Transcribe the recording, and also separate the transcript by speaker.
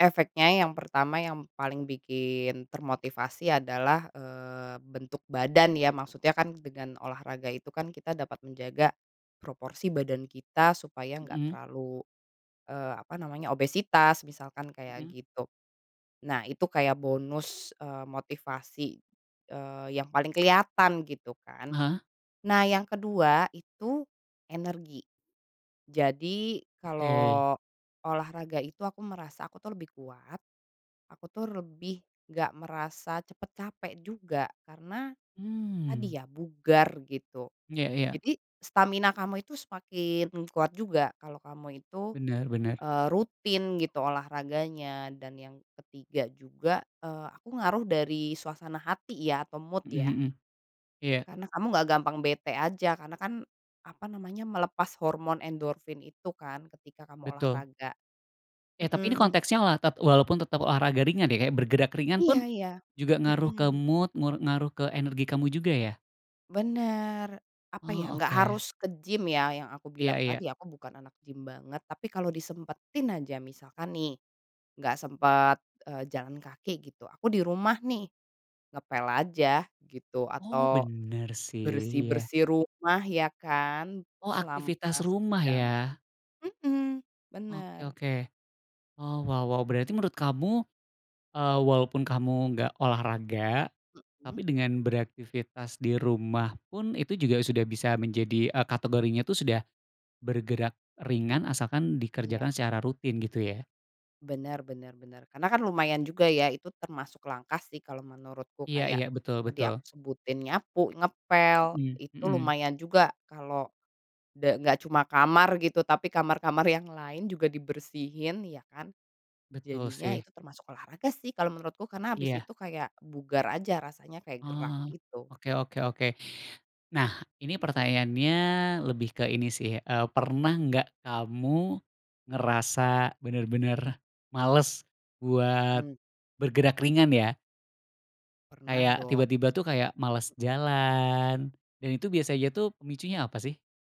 Speaker 1: Efeknya, yang pertama, yang paling bikin termotivasi adalah, eee, bentuk badan. Ya, maksudnya kan dengan olahraga itu kan kita dapat menjaga proporsi badan kita supaya enggak
Speaker 2: Mhm.
Speaker 1: terlalu, eee, apa namanya, obesitas, misalkan kayak
Speaker 2: Mhm.
Speaker 1: gitu. Nah, itu kayak bonus, eee, motivasi, eee, yang paling kelihatan gitu kan.
Speaker 2: Heeh.
Speaker 1: Nah, yang kedua itu energi. Jadi,
Speaker 2: Oke.
Speaker 1: kalau olahraga itu, aku merasa aku tuh lebih kuat, aku tuh lebih enggak merasa cepet capek juga, karena
Speaker 2: Mmm.
Speaker 1: tadi ya, bugar gitu.
Speaker 2: Ya ya.
Speaker 1: Jadi stamina kamu itu semakin kuat juga kalau kamu itu,
Speaker 2: Benar benar.
Speaker 1: eee, rutin gitu olahraganya. Dan yang ketiga juga, eee, aku ngaruh dari suasana hati, ya, atau mood,
Speaker 2: Mhm
Speaker 1: ya.
Speaker 2: mhm. Iya.
Speaker 1: Karena kamu enggak gampang bete aja karena kan apa namanya, melepas hormon endorfin itu kan ketika kamu
Speaker 2: Betul.
Speaker 1: olahraga.
Speaker 2: Ya, tapi ini
Speaker 1: Mhm.
Speaker 2: konteksnya olah tep walaupun tetap olahraga ringan, ya. Kayak bergerak ringan
Speaker 1: Iya
Speaker 2: pun
Speaker 1: iya.
Speaker 2: juga ngaruh ke
Speaker 1: Mhm.
Speaker 2: mood, ngu ngaruh ke energi kamu juga, ya?
Speaker 1: Benar. Apa ya,
Speaker 2: Oh
Speaker 1: enggak
Speaker 2: oke.
Speaker 1: harus ke gym, ya. Yang aku
Speaker 2: Iya
Speaker 1: bilang
Speaker 2: iya.
Speaker 1: tadi, aku bukan anak gym banget, tapi kalau disempetin aja, misalkan nih, enggak sempet, eee, jalan kaki gitu, aku di rumah nih, ngepel aja gitu
Speaker 2: Oh
Speaker 1: atau
Speaker 2: bener sih, iya.
Speaker 1: bersih-bersih rumah, ya kan,
Speaker 2: Oh
Speaker 1: selama
Speaker 2: aktivitas rumah
Speaker 1: sejam
Speaker 2: ya.
Speaker 1: mhm,
Speaker 2: Oke
Speaker 1: bener.
Speaker 2: oke. Oh wow wow, berarti menurut kamu, eee, walaupun kamu enggak olahraga
Speaker 1: Mhm.
Speaker 2: tapi dengan beraktivitas di rumah pun itu juga sudah bisa menjadi, eee, kategorinya itu sudah bergerak ringan asalkan
Speaker 1: Iya.
Speaker 2: dikerjakan secara rutin gitu ya.
Speaker 1: Benar benar benar, karena kan lumayan juga, ya. Itu termasuk langkah, sih, kalau menurutku.
Speaker 2: Iya iya.
Speaker 1: Kayak
Speaker 2: Betul
Speaker 1: tadi
Speaker 2: betul.
Speaker 1: aku sebutin, nyapu, ngepel,
Speaker 2: Mhm,
Speaker 1: itu
Speaker 2: mhm.
Speaker 1: lumayan juga kalau da enggak cuma kamar gitu, tapi kamar-kamar yang lain juga dibersihin, ya kan.
Speaker 2: Betul
Speaker 1: Jadinya
Speaker 2: sih.
Speaker 1: itu termasuk olahraga, sih, kalau menurutku, karena habis
Speaker 2: Iya.
Speaker 1: itu kayak bugar aja rasanya, kayak gerak
Speaker 2: Oh.
Speaker 1: gitu.
Speaker 2: Oke oke oke. Nah ini pertanyaannya lebih ke ini sih, eee, pernah enggak kamu ngerasa benar-benar males buat
Speaker 1: Mhm.
Speaker 2: bergerak ringan ya?
Speaker 1: Pernah
Speaker 2: Kayak
Speaker 1: dok.
Speaker 2: tiba-tiba tuh kayak males jalan, dan itu biasanya tuh pemicunya apa sih?